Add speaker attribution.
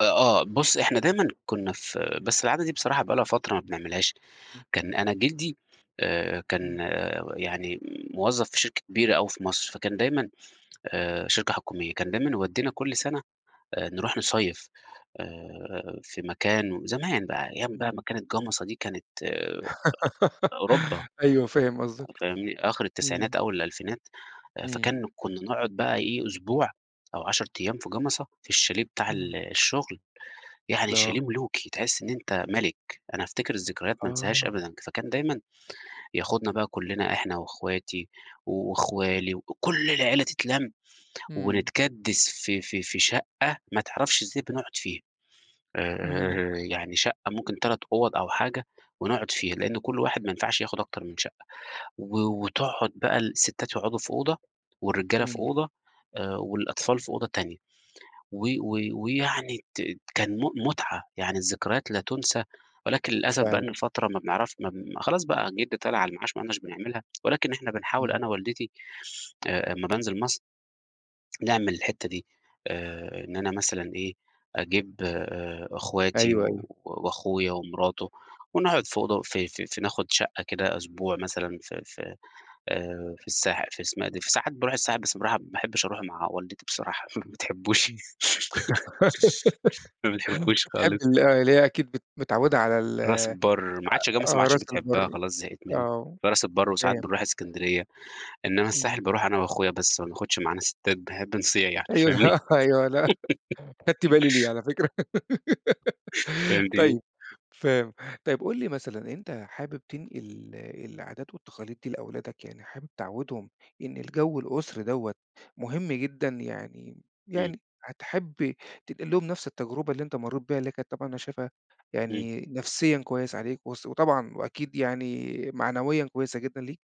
Speaker 1: آه، آه، بُصّ إحنا دايمًا كنا في بس العادة دي بصراحة بقى لها فترة ما بنعملهاش،
Speaker 2: [unintelligible]
Speaker 1: كان أنا جدي آآ،
Speaker 2: إمم.
Speaker 1: كان يعني موظف في شركة كبيرة أوي في مصر فكان دايمًا آآ، شركة حكومية كان دايمًا يودينا كل سنة آآ، نروْح نصيّف آآ في مكان زمان بقى أيام بقى ما
Speaker 2: إمم.
Speaker 1: كانت جَمَصة دي كانت آآ، أوروبا
Speaker 2: أيوه فاهم قصدك،
Speaker 1: فاهمني؟ آخر التسعينات
Speaker 2: إمم.
Speaker 1: أوّل الألفينات
Speaker 2: إمم.
Speaker 1: فكان كُنا نقعد بقى إيه أسبوع أو 10 أيام في جَمَصة في الشاليه بتاع ال
Speaker 2: إمم.
Speaker 1: الشغل، يعني
Speaker 2: آه.
Speaker 1: الشاليه ملوْكي تحس إن أنت ملك، أنا أفتكر الذكريات ما انساهاش
Speaker 2: آه.
Speaker 1: أبدًا، فكان دايمًا يأخذنا بقى كلنا إحنا وأخواتي وأخوالي وكل العائلة تتْلَم
Speaker 2: إمم.
Speaker 1: ونتْكدّس في في في شقة ما تعرفش إزاي بنقعد فيها
Speaker 2: إمم.
Speaker 1: آآ، يعني شقة ممكن 3 أوض أو حاجة ونقعد فيها، لأنه كل واحد ما ينفعش يأخد أكتر من شقة و وتقعد بقى الستات يقعدوا في أوضة والرجالة في
Speaker 2: إمم.
Speaker 1: أوضة آآ، والأطفال في أوضة تانية، و و ويعني ت كان م مُتعة يعني الذكريات لا تُنسى، ولكن للأسف بقى إن
Speaker 2: فعلًا.
Speaker 1: الفترة ما بنعرف م خلاص بقى جدي طلع على المعاش ما عدناش بنعملها، ولكن إحنا بنحاول
Speaker 2: إمم.
Speaker 1: أنا ووالدتي آآ، أما بأنزل مصر نعمل الحتة دي آآ، إن أنا مثلًا إيه أجيب آآ، أخواتي
Speaker 2: أيوه، أيوه.
Speaker 1: وأخويا ومراته ونقعد في أوضة في في في ناخد شقة كده أسبوع مثلًا في في آآ، في الساحل في اسمها إيه دي في ساحل ساعات باروْح الساحل بس باروحها ما باحبش أروْح مع والدتي بصراحة ما بتحبوش
Speaker 2: إمم،
Speaker 1: ما بتحبوش
Speaker 2: بتحب
Speaker 1: خالص.
Speaker 2: ال اللي هي أكيد بت متعودة على ال
Speaker 1: راس
Speaker 2: آآ،
Speaker 1: البَر ما عادش جَمَصة ما
Speaker 2: آه
Speaker 1: عادش
Speaker 2: راس
Speaker 1: بتحبها
Speaker 2: البَر،
Speaker 1: خلاص زهقِت منها،
Speaker 2: آه
Speaker 1: فراس البَر وساعات
Speaker 2: فاهم.
Speaker 1: بنروْح إسكندرية، إنما
Speaker 2: إمم.
Speaker 1: الساحل باروْح أنا وأخويا بس ما بناخدش معنا ستّات بنحب نصِيعْ يعني
Speaker 2: أيوه ال
Speaker 1: فاهمني؟
Speaker 2: أيوه لأ خدت بالي ليها على فكرة
Speaker 1: فهمتيني؟
Speaker 2: طيب فاهم، طيب قُل لي مثلًا أنت حابب تنقل العادات والتقاليد دي لأولادك يعني حابب تعودهم إن الجو الأسري دوّة مهم جدًا، يعني
Speaker 1: إمم.
Speaker 2: يعني هتحب تنقل لهم نفس التجربة اللي أنت مرِّت بيها اللي كانت طبعًا أنا شايفها
Speaker 1: إمم.
Speaker 2: يعني نفسيًا كويس عليك، وس وطبعًا وأكيد يعني معنويًا كويسة جدًا ليك؟